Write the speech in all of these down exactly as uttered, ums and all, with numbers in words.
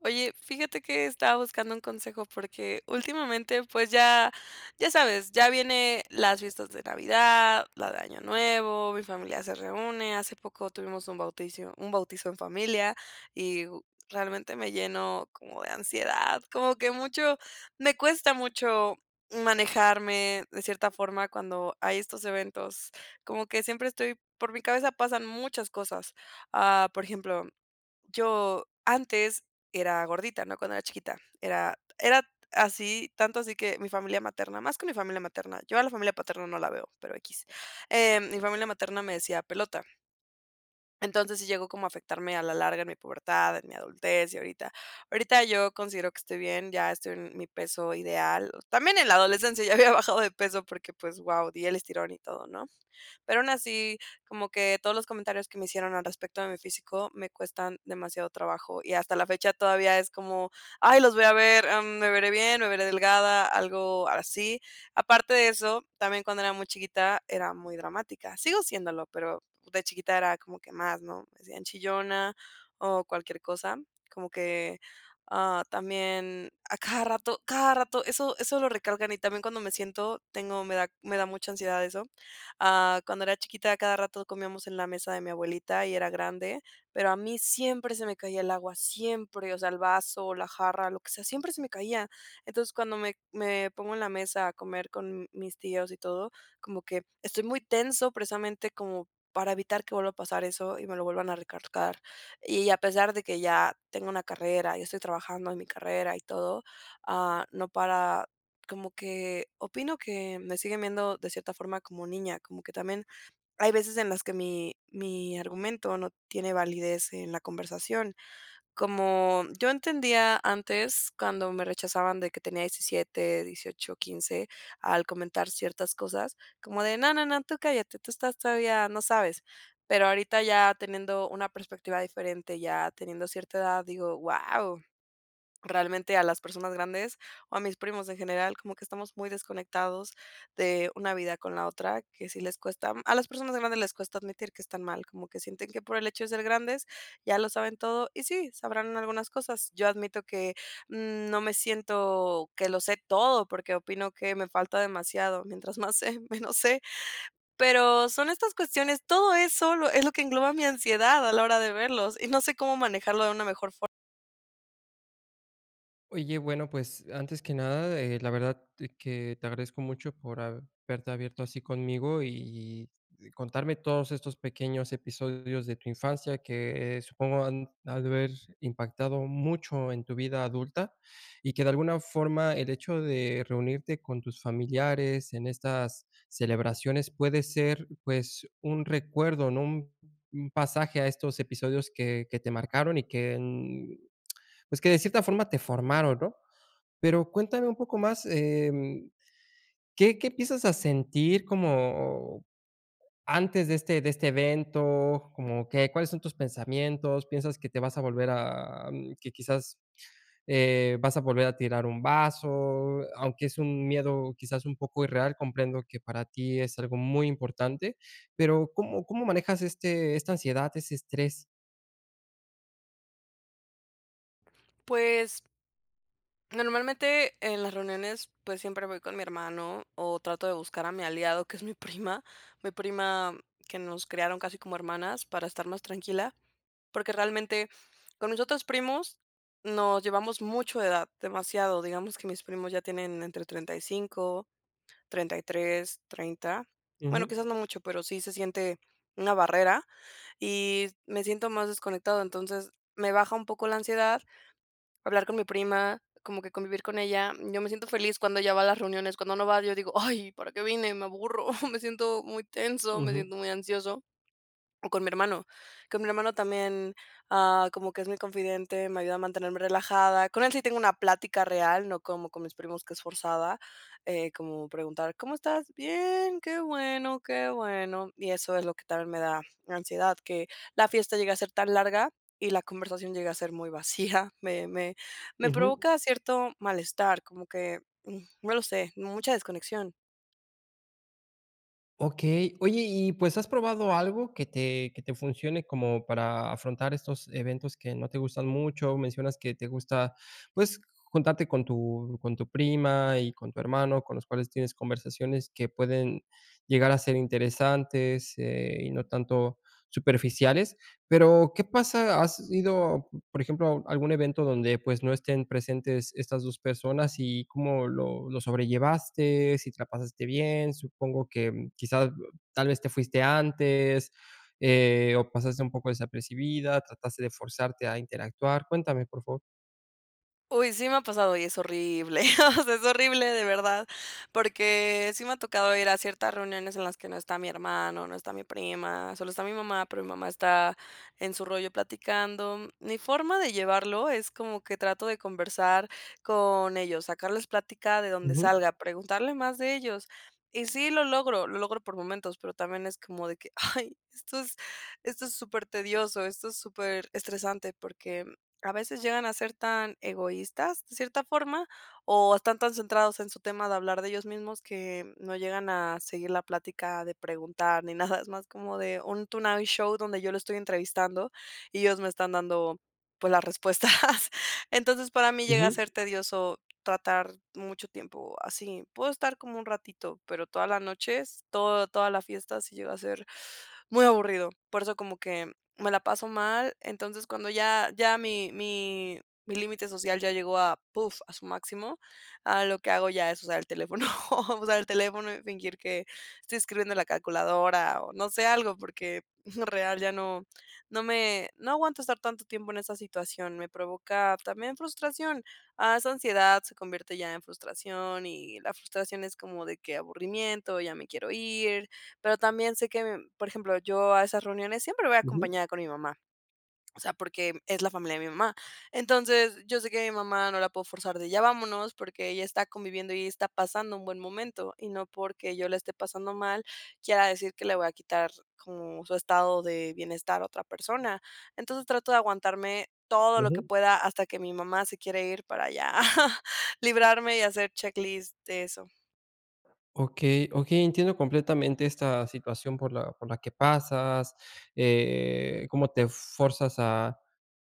Oye, fíjate que estaba buscando un consejo porque últimamente, pues ya ya sabes, ya viene las fiestas de Navidad, la de Año Nuevo, mi familia se reúne. Hace poco tuvimos un bauticio un bautizo en familia y realmente me llenó como de ansiedad, como que mucho me cuesta mucho manejarme de cierta forma cuando hay estos eventos. Como que siempre estoy por mi cabeza pasan muchas cosas, ah, por ejemplo, yo antes era gordita, ¿no?, cuando era chiquita. Era era así, tanto así que mi familia materna más que mi familia materna, yo a la familia paterna no la veo, pero equis, eh, mi familia materna me decía pelota. Entonces, sí llegó como a afectarme a la larga en mi pubertad, en mi adultez y ahorita. Ahorita yo considero que estoy bien, ya estoy en mi peso ideal. También en la adolescencia ya había bajado de peso porque, pues wao, di el estirón y todo, ¿no? Pero aún así, como que todos los comentarios que me hicieron al respecto de mi físico me cuestan demasiado trabajo y hasta la fecha todavía es como, ay, los voy a ver, am, ¿me veré bien?, ¿me veré delgada?, algo así. Aparte de eso, también cuando era muy chiquita, era muy dramática, sigo siéndolo, pero de chiquita era como que más, ¿no? Me decían chillona o cualquier cosa, como que, ah, también a cada rato cada rato, eso eso lo recalcan y también cuando me siento tengo me da me da mucha ansiedad eso. Ah, cuando era chiquita a cada rato comíamos en la mesa de mi abuelita y era grande, pero a mí siempre se me caía el agua, siempre, o sea, el vaso, la jarra, lo que sea, siempre se me caía. Entonces, cuando me me pongo en la mesa a comer con mis tíos y todo, como que estoy muy tenso, precisamente, como para evitar que vuelva a pasar eso y me lo vuelvan a recalcar. Y a pesar de que ya tengo una carrera y estoy trabajando en mi carrera y todo, ah, no para. Como que opino que me siguen viendo de cierta forma como niña, como que también hay veces en las que mi mi argumento no tiene validez en la conversación. Como Yo entendía antes cuando me rechazaban de que tenía diecisiete, dieciocho, quince, al comentar ciertas cosas, como de no, no, no, tú cállate, tú estás todavía no sabes. Pero ahorita ya teniendo una perspectiva diferente, ya teniendo cierta edad, digo: "Wao". Realmente a las personas grandes, o a mis primos en general, como que estamos muy desconectados de una vida con la otra que sí les cuesta. A las personas grandes les cuesta admitir que están mal, como que sienten que por el hecho de ser grandes ya lo saben todo y sí, sabrán algunas cosas. Yo admito que, mm, no me siento que lo sé todo, porque opino que me falta demasiado, mientras más sé, menos sé. Pero son estas cuestiones, todo eso lo, es lo que engloba mi ansiedad a la hora de verlos, y no sé cómo manejarlo de una mejor fo Oye, bueno, pues, antes que nada, eh, la verdad que te agradezco mucho por haberte abierto así conmigo y y contarme todos estos pequeños episodios de tu infancia que, eh, supongo han de haber impactado mucho en tu vida adulta. Y que de alguna forma el hecho de reunirte con tus familiares en estas celebraciones puede ser, pues, un recuerdo, ¿no? Un un pasaje a estos episodios que que te marcaron y que en, pues que de cierta forma te formaron, ¿no? Pero cuéntame un poco más, em, ¿qué qué empiezas a sentir como antes de este de este evento? Como que, ¿cuáles son tus pensamientos? ¿Piensas que te vas a volver a que quizás, eh, vas a volver a tirar un vaso?, aunque es un miedo quizás un poco irreal, comprendo que para ti es algo muy importante, pero, ¿cómo cómo manejas este, esta ansiedad ese estrés? Pues normalmente en las reuniones, pues siempre voy con mi hermano o trato de buscar a mi aliado, que es mi prima, mi prima que nos criaron casi como hermanas para estar más tranquila. Porque realmente con mis otros primos nos llevamos mucho de edad, demasiado. Digamos que mis primos ya tienen entre treinta y cinco, treinta y tres, treinta. Bueno, Ujú. quizás no mucho, pero sí se siente una barrera y me siento más desconectado. Entonces, me baja un poco la ansiedad hablar con mi prima, como que convivir con ella. Yo me siento feliz cuando ella va a las reuniones, cuando no va, yo digo: "Ay, ¿para qué vine?, me aburro", me siento muy tenso, me Ujú. siento muy ansioso, o con mi hermano. Con mi hermano también, ah, como que es mi confidente, me ayuda a mantenerme relajada. Con él sí tengo una plática real, no como con mis primos que es forzada, eh, como preguntar: "¿Cómo estás? 'Bien'. Qué bueno, qué bueno". Y eso es lo que también me da ansiedad, que la fiesta llegue a ser tan larga y la conversación llegue a ser muy vacía. Me me me Ujú. provoca cierto malestar, como que, mm, no lo sé, mucha desconexión. Okey, oye y pues, ¿has probado algo que te que te funcione como para afrontar estos eventos que no te gustan mucho? Mencionas que te gusta, pues, juntarte con tu con tu prima y con tu hermano, con los cuales tienes conversaciones que pueden llegar a ser interesantes, eh, y no tanto superficiales, pero, ¿qué pasa? ¿Has ido, por ejemplo, a algún evento dónde pues no estén presentes estas dos personas y cómo lo lo sobrellevaste, si te la pasaste bien? Supongo que, ¿quizás tal vez te fuiste antes, eh, o pasaste un poco desapercibida, trataste de forzarte a interactuar? Cuéntame, por favor. Uy, sí me ha pasado y es horrible, es horrible de verdad, porque sí me ha tocado ir a ciertas reuniones en las que no está mi hermano, no está mi prima, solo está mi mamá, pero mi mamá está en su rollo platicando. Mi forma de llevarlo es como que trato de conversar con ellos, sacarles plática de donde Ujú. salga, preguntarle más de ellos. Y sí, lo logro, lo logro por momentos, pero también es como de que, ay, esto es, esto es supertedioso, esto es superestresante, porque a veces llegan a ser tan egoístas de cierta forma, o están tan centrados en su tema de hablar de ellos mismos que, mm, no llegan a seguir la plática de preguntar ni nada, es más como de un tonight show donde yo lo estoy entrevistando y ellos me están dando, pues, las respuestas. Entonces, para mí llega a Ujú. ser tedioso tratar mucho tiempo así, puedo estar como un ratito, pero toda la noches, toda, toda la fiestas sí llega a ser muy aburrido. Por eso como que me la paso mal, entonces cuando ya ya mi mi mi límite social ya llegó a puf, a su máximo, ahora lo que hago ya es usar el teléfono, usar el teléfono y fingir que estoy escribiendo en la calculadora o no sé algo, porque, real ya no, no me no aguanto estar tanto tiempo en esa situación, me provoca también frustración, ah, esa ansiedad se convierte ya en frustración, y la frustración es como de que aburrimiento, ya me quiero ir. Pero también sé que, em, por ejemplo, yo a esas reuniones siempre voy a Ujú. acompañada con mi mamá, o sea, porque es la familia de mi mamá. Entonces, yo sé que mi mamá no la puedo forzar de ya vámonos, porque ella está conviviendo y ella está pasando un buen momento, y no porque yo la esté pasando mal, quiera decir que le voy a quitar como su estado de bienestar a otra persona. Entonces, trato de aguantarme todo lo que Ujú. pueda hasta que mi mamá se quiere ir para ya, librarme y hacer check list de eso. Okey, okey. Entiendo completamente esta situación por la por la que pasas, eh, como te forzas a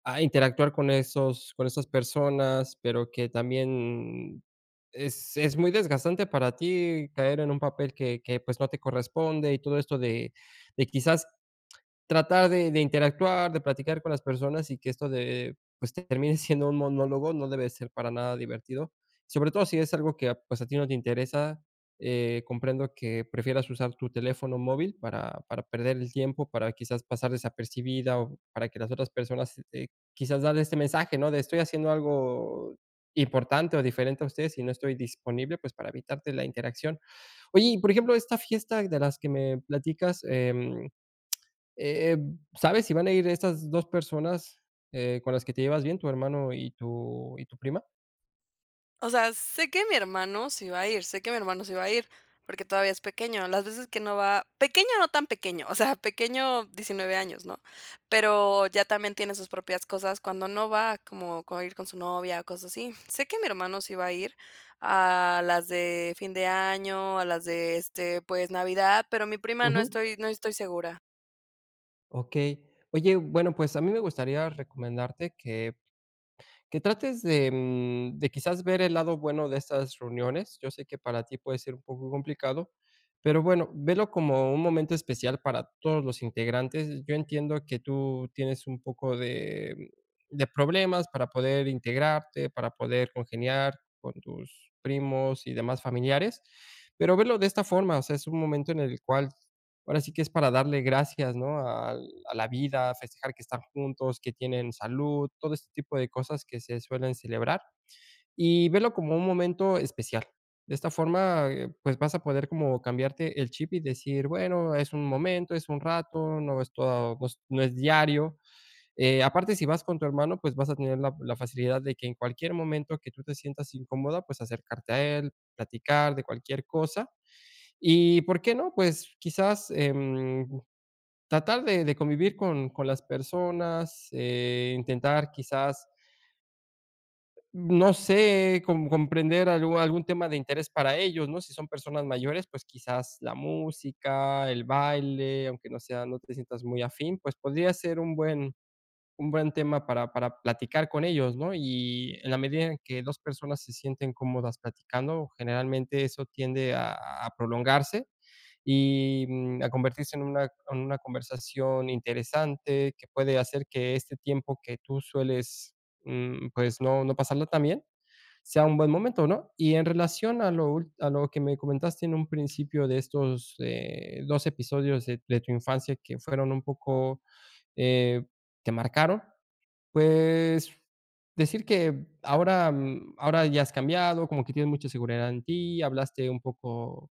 a interactuar con esos con esas personas, pero que también es es muy desgastante para ti caer en un papel que que, pues, no te corresponde y todo esto de de quizás, tratar de de interactuar, de platicar con las personas y que esto de pues, te termine siendo un monólogo, no debe ser para nada divertido. Sobre todo si es algo que a pues, a ti no te interesa, eh, comprendo que prefieras usar tu teléfono móvil para para perder el tiempo, para quizás pasar desapercibida o para que las otras personas, eh, quizás dar este mensaje ¿no?, de estoy haciendo algo importante o diferente a ustedes y no estoy disponible, pues, para evitarte la interacción. Oye, y por ejemplo, esta fiesta de las que me platicas, em, eh eh, ¿sabes si van a ir estas dos personas, eh, con las que te llevas bien, tu hermano y tu y tu prima? O sea, sé que mi hermano sí va a ir. Sé que mi hermano sí va a ir, porque todavía es pequeño. Las veces que no va Pequeño, no tan pequeño, o sea, pequeño, diecinueve años, ¿no? Pero ya también tiene sus propias cosas. Cuando no va, como, con ir con su novia, cosas así. Sé que mi hermano sí va a ir a las de fin de año, a las de, este, pues, Navidad, pero mi prima, no Ujú. estoy no estoy segura. Okey. Oye, bueno, pues a mí me gustaría recomendarte que que trates de, mm, de quizás ver el lado bueno de estas reuniones. Yo sé que para ti puede ser un poco complicado. Pero bueno, velo como un momento especial para todos los integrantes. Yo entiendo que tú tienes un poco de de problemas para poder integrarte, para poder congeniar con tus primos y demás familiares. Pero verlo de esta forma, o sea, es un momento en el cual ahora sí que es para darle gracias, ¿no?, al a la vida, a festejar que están juntos, que tienen salud, todo este tipo de cosas que se suelen celebrar. Y verlo como un momento especial. De esta forma, eh, pues vas a poder como cambiarte el chip y decir, bueno, es un momento, es un rato, no es todo, pues, no es diario. Eh, aparte, si vas con tu hermano, pues, vas a tener la la facilidad de que en cualquier momento que tú te sientas incómoda, pues acercarte a él, platicar de cualquier cosa. Y, ¿por qué no?, pues quizás, em, tratar de de convivir con con las personas, eh, intentar quizás no sé, com comprender algú algún tema de interés para ellos, ¿no?, si son personas mayores, pues quizás, la música, el baile, aunque no sea no te sientas muy afín, pues, podría ser un buen un buen tema para para platicar con ellos, ¿no? Y en la medida en que dos personas se sienten cómodas platicando, generalmente eso tiende a a prolongarse y, mm, a convertirse en una en una conversación interesante que puede hacer que este tiempo que tú sueles, mm, pues, no no pasarlo tan bien, sea un buen momento, ¿no? Y en relación a lo úl a lo que me comentaste en un principio de estos, eh, dos episodios de de tu infancia que fueron un poco, eh, te marcaron, pues, decir que ahora, mm, ahora ya has cambiado, como que tienes mucha seguridad en ti, hablaste un poco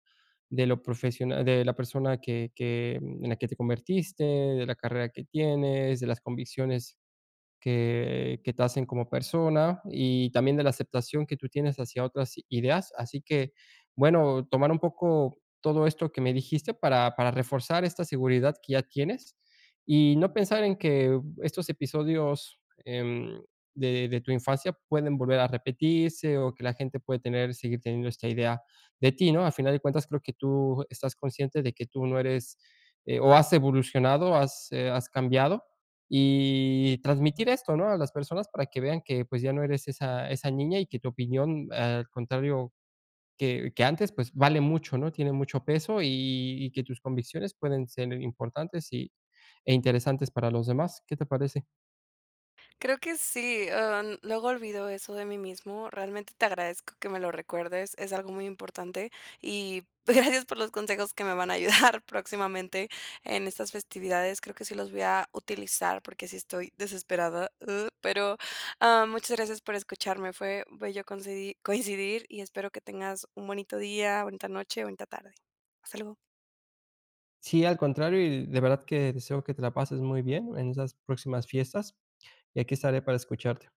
de lo profesiona de la persona que que en la que te convertiste, de la carrera que tienes, de las convicciones que que te hacen como persona y también de la aceptación que tú tienes hacia otras ideas. Así que, bueno, tomar un poco todo esto que me dijiste para para reforzar esta seguridad que ya tienes, y no pensar en que estos episodios, em, de de tu infancia pueden volver a repetirse o que la gente puede tener seguir teniendo esta idea de ti, ¿no? A final de cuentas creo que tú estás consciente de que tú no eres o has evolucionado, has, eh, has cambiado y transmitir esto, ¿no?, a las personas para que vean que, pues ya no eres esa esa niña y que tu opinión al contrario que que antes, pues vale mucho, ¿no?, tiene mucho peso y y que tus convicciones pueden ser importantes y e interesantes para los demás. ¿Qué te parece? Creo que sí, am, luego olvido eso de mí mismo. Realmente te agradezco que me lo recuerdes. Es algo muy importante. Y gracias por los consejos que me van a ayudar próximamente en estas festividades. Creo que sí los voy a utilizar, porque sí estoy desesperado, uh. Pero, am, muchas gracias por escucharme. Fue voy yo coincidir coincidir y espero que tengas un bonito día, bonita noche, bonita tarde. Hasta luego. Sí, al contrario, y de verdad que deseo que te la pases muy bien, en esas próximas fiestas, y aquí estaré para escucharte.